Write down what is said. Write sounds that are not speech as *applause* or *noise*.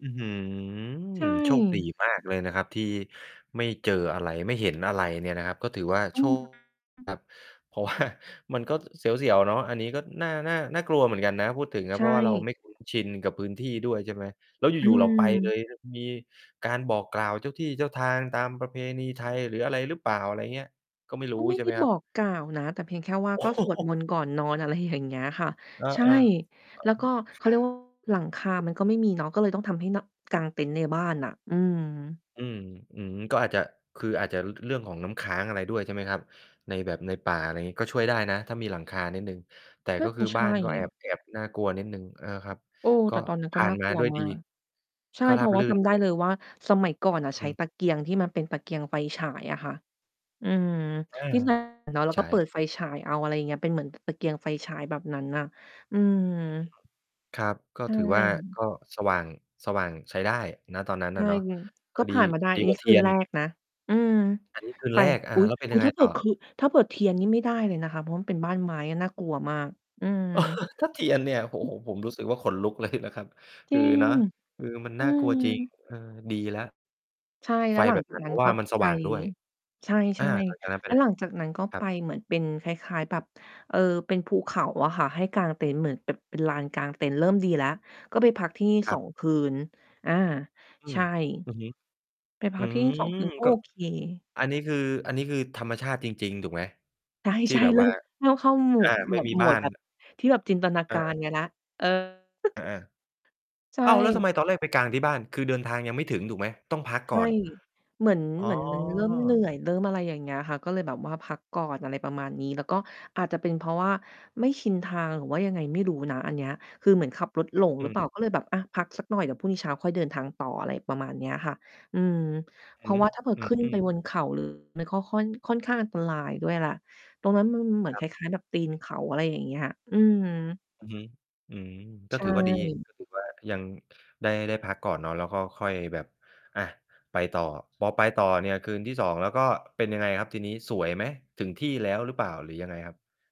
อื้อฮืใชอ โชคดี่ มากเลยนะครับที่ไม่เจออะไร ไม่เห็นอะไรเนี่ยนะครับ ก็ถือว่า อโืชม ค *unintelligible* ครับ เพราะ ว่า มันก็เสียว ๆ เนาะ อันนี้ก็น่า น่า น่ากลัวเหมือนกันนะ พูดถึงอใะ ชเพราะว่าเรา่ ไม่คุ้นชินกับพื้นที่ด้วย ใช่ไหม แล้วออยู่ ๆ เราไปเลืม ย เนี่ย มีการบอกกล่าวเจ้าที่เจ้าทางตามประเพณีไทย หรืออะไรหรือเปล่า อะไรอย่างเงี้ย ก็ไม่รูก้็ไม่ใช่ไดไ้หมครบับ? อกกล่าวนะ แต่เพียงแค่ว่าโอ้ก็โสวดมฮ นต์ก่อนนอน อะไรอย่างเงี้ยค่ะ เออ ใช่ ๆ อะฮะ แล้วก็เคขารเรัียก ว่า บ หลังคามันก็ไม่มีเนาะ ก็เลยต้องทำให้นอ กางเต็นท์ในบ้านน่ะ อืม อืม อือ ก็อาจจะ คืออาจจะเรื่องของน้ำค้างอะไรด้วย ใช่ไหมครับ ในแบบ ในป่า อะไรงี้ ก็ช่วยได้นะถ้ามีหลังคานิดหนึ่ง แต่น่กา็จคืะอใชบ้า่ นก็แอบ แอบน่ากลัวนิดหนึ่ง อ่า ครับ เออ กแต็่ตอนนั้นผก็่าน่นามกาลัวด้วยมดาี ก ใช่ ก็เรพาราบะว่ราื่จน ใำชไ่ด้ไหม? เลยว่า สมัยก่อนน่ะใอชื้ม ตะเกียงที่มันเป็นตะเกียงไฟฉายอะค่ะ อืม อา ที่ *unintelligible* เนาะ เราใชก็้ เปิดไฟฉายเอา อะไรอย่างเงี้ย เป็นเหมือนกับตะเกียงไฟฉายแบบนั้นน่ะ อืม อืม ครับ ก็ใชถือว่า่ ก็สว่าง สว่างใช้ได้ ณ ตอนนั้นใชอะ่ เนาะ คุณ กก็็ดี ผ่านมาได้ ดีอันกนวี่้าเทคีืยนน แรกนะ อืม อันนี้ คืนไป แรก ออา ุ๊ย แล้วเป็นอยุ๊ัย งไงถ้าเผตื่่ออ? คือ ถ้าเผื่อเทียนนี่ไม่ได้เลยนะคะ เพราะมันเป็นบ้านไม้ น่ากลัวมาก อืม *laughs* ถ้าเทียนเนี่ย โอ้โฮ ผมรู้สึกว่าขนลุก เลย นะครับ จครืิอ ง เนาะ คือมันอืน่ากลัวอ จริง เออ ดีแล้ว ใช่ แลไ้ฟวหลัแบงบ จานกั้น นเัพ้รนาะวก่็ามันสไป ว่างด้วย ใชอา ่ หลังจากนั้นไๆ ปแล้ไหวน? หลังจากนั้นก็ครไปับ เหมือนเป็นคล้าย ๆ แบบ เออ เป็นภูเขาอะค่ะให้กางเต็นท์ เหมือนเป็นลานกางเต็นท์ เริ่มดีแล้ว ก็ไปพักที่นี้ คสรับ อง คืน อา อืใชม ่ อือฮึ ไปพอัืกที่นี่ ม 2 คืน ก็ก็ โอเค อันนี้คือ อันนี้คือธรรมชาติจริง ๆ ถูกไหม? ใที่ช่ แบๆ บเริว่่า ม เริ่มเข้าหมู่ อา หมไม่วด มีหมบ้าวดน แบบที่แบบจินตนาเการออ กันแล้ว เออ อา *giggles* ใชๆ อ้าว! แล้วทำไ่ มตอนแรกไปกางที่บ้าน? คือเดินทางยังไม่ถึงถูกไหม? ต้องพักใกช่่ อน เหมือน อ๋อ เหมือน มันเริ่มเหนื่อย เริ่มอะไรอย่างเงี้ยค่ะ ก็เลยแบบว่าพักก่อน อะไรประมาณนี้ แล้วก็อาจจะเป็นเพราะว่าไม่ชินทาง หรือว่ายังไงไม่รู้นะ อันเนี้ย คือเหมือนขับรถหลงอหืรือเปล่าม ก็เลยแบบ อะ พักสักหน่อย เดี๋ยวพรุ่งนี้เช้าค่อยเดินทางต่อ อะไรประมาณเนี้ยค่ะ อืม เอพือราะฮึ ว่าถ้าเผื่อ อืขึ้นไปอ ๆ บนเขาหรือ มันข้อค่อน ค่อนข้างอันตรายด้วยแหละ ตรงนั้นมันเหมือนครคับ ล้าย ๆ แบบตีนเขา อะไรอย่างเงี้ย อืม อือฮึ อืม กใ็ชถือว่าดี ่ ก็ถือว่า ยังได้ ได้พักก่อนเนาะ แล้วก็ค่อยแบบ อ่า ไปต่อ พอไปต่อเนี่ย คืนที่ 2 แล้วก็เป็นยังไงครับทีนี้ สวยไหม? ถึงที่แล้วหรือเปล่า หรือยังไงครับ?